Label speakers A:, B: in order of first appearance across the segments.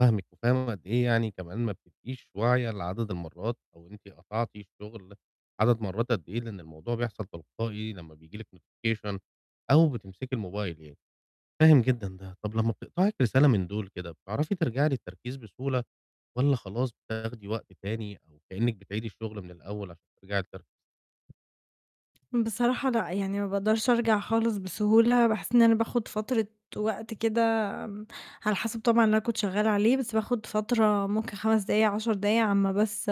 A: فاهمِك، وفاهم قد إيه يعني كمان ما بتبقيش واعية لعدد المرات أو أنتِ قطعتِ الشغل عدد مرات قد إيه، لأن الموضوع بيحصل تلقائي لما بييجي لِك notification أو بتمسكي الموبايل يعني، فاهم جدًا ده، طَب لمّا بتقطعِك رسالة من دُول كده، بتعرفي ترجعي للتركيز بسهولة؟ والَّا خلاص، بتاخدي وقت تاني أو كأنِّك بتعيدي الشغل من الأول عشان ترجعي تر
B: بصراحة لأ، يعني ما باقدرش أرجع خالص بسهولة، باحس إن أنا باخد فترة وقت كده، آمم، على حسب طبعًا اللي أنا كنت شغالة عليه، بس باخد فترة ممكن 5 دقايق، 10 دقايق، على أمّا بس،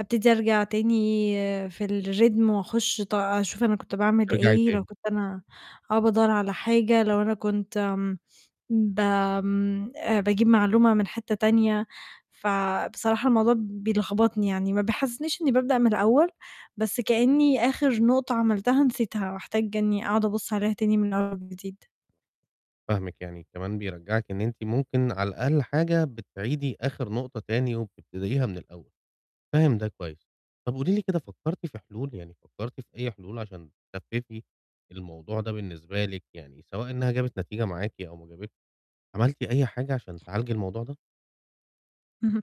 B: أبتدي أرجع تاني في الrhythm وأخش ط أشوف أنا كنت باعمل
A: ترجعي
B: إيه، لو
A: تاني.
B: كنت أنا آه بادوّر على حاجة، لو أنا كنت آمم، بآمم، آآ، باجيب معلومة من حتة تانية، فبصراحة الموضوع بيلخبطني يعني، ما بيحسسنيش إني بابدأ من الأول، بس كأني آخر نقطة عملتها نسيتها، وأحتاج إني أقعد أبُصّ عليها تاني من أول وجديد.
A: فاهمِك يعني، كمان بيرجّعِك إن أنتِ ممكن على أقل حاجة بتعيدي آخر نقطة تاني وبتبتديها من الأول، فاهم ده كويس، طَب قولي لي كده فكّرتي في حلول، يعني فكّرتِ في أي حلول عشان تخفِّفي الموضوع ده بالنسبة لِك يعني سواء إنها جابت نتيجة معاكِ أو ما جابتش، عملتِ أي حاجة عشان تعالجي الموضوع ده؟
B: اهم،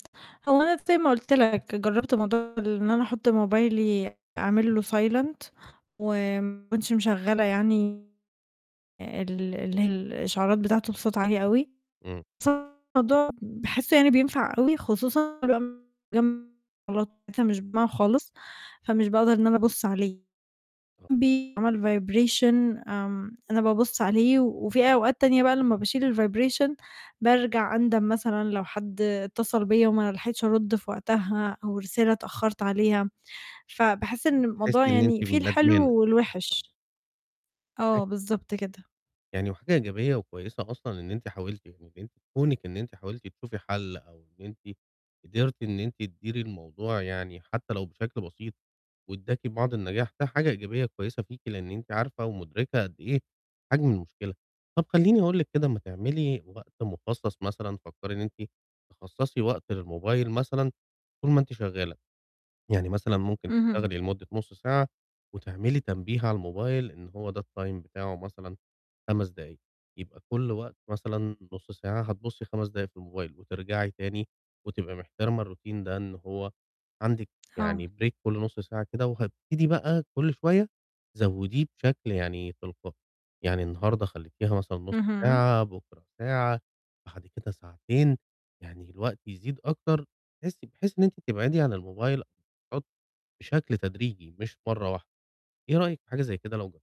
B: هو أنا زي ما قلت لك- جربت موضوع إن أنا أحط موبايلي أعمل له silent، وما اكونش مشغلة يعني ال اللي هي الإشعارات بتاعته بصوت عالي أوي.
A: امم.
B: بُصّ هو الموضوع باحسه يعني بينفع أوي خصوصًا [unintelligible] مش [unintelligible] خالص، فمش باقدر إن أنا أبُصّ عليه،
A: آه.
B: بيعمل vibration، آمم، أنا بابُصّ عليه، وفي أوقات تانية بقى لمّا باشيل الvibration، بارجع أندم مثلًا لو حد اتصل بيَّ وما لحقتش أرُد في وقتها أو رسالة اتأخرت عليها، فباحس إن الموضوع
A: تحسي إن أنتِ
B: يعني فيه
A: ندمانة،
B: الحلو
A: آه.
B: والوحِش. آه،
A: [unintelligible]
B: بالضبط كده.
A: يعني وحاجة إيجابية وكويسة أصلًا إن أنتِ حاولتِ، يعني إن أنتِ كونِك إن أنتِ حاولت تشوفي حَلّ أو إن أنتِ قدرت إن أنتِ تديري الموضوع يعني حتى لو بشكل بسيط وادّاكِ بعض النجاح، ده حاجة إيجابية كويسة فيكِ لأن أنتِ عارفة ومُدركة قد إيه حجم المشكلة، طَب خليني أقول لِك كده ما تعملي وقت مخصَّص مثلًا، فكّري إن أنتِ تخصَّصي وقت للموبايل مثلًا طول ما أنتِ شغالة، يعني مثلًا ممكن
B: اهم.
A: تشتغلي لمدة نُصّ ساعة، وتعملي تنبيه على الموبايل إن هو ده الtime بتاعُه مثلًا 5 دقايق، يبقى كُلّ وقت مثلًا نُصّ ساعة هتبُصّي 5 دقايق في الموبايل، وترجعي تاني وتبقى مِحتِرمة الروتين ده إن هو عندِك
B: آه.
A: يعني break كُلّ نُصّ ساعة كده، وهتبتدي بقى كُلّ شوية زوّديه بشكل يعني تلقائي، يعني النهاردة خليتيها مثلًا نُصّ
B: اهم.
A: ساعة، بُكرة ساعة، بعد كده ساعتين، يعني الوقت يزيد أكتر، تحسي بحيث إن أنتِ تبعدي عن الموبايل بشكل تدريجي مش مرّه واحدة، إيه رأيِك في حاجة زي كده لو جر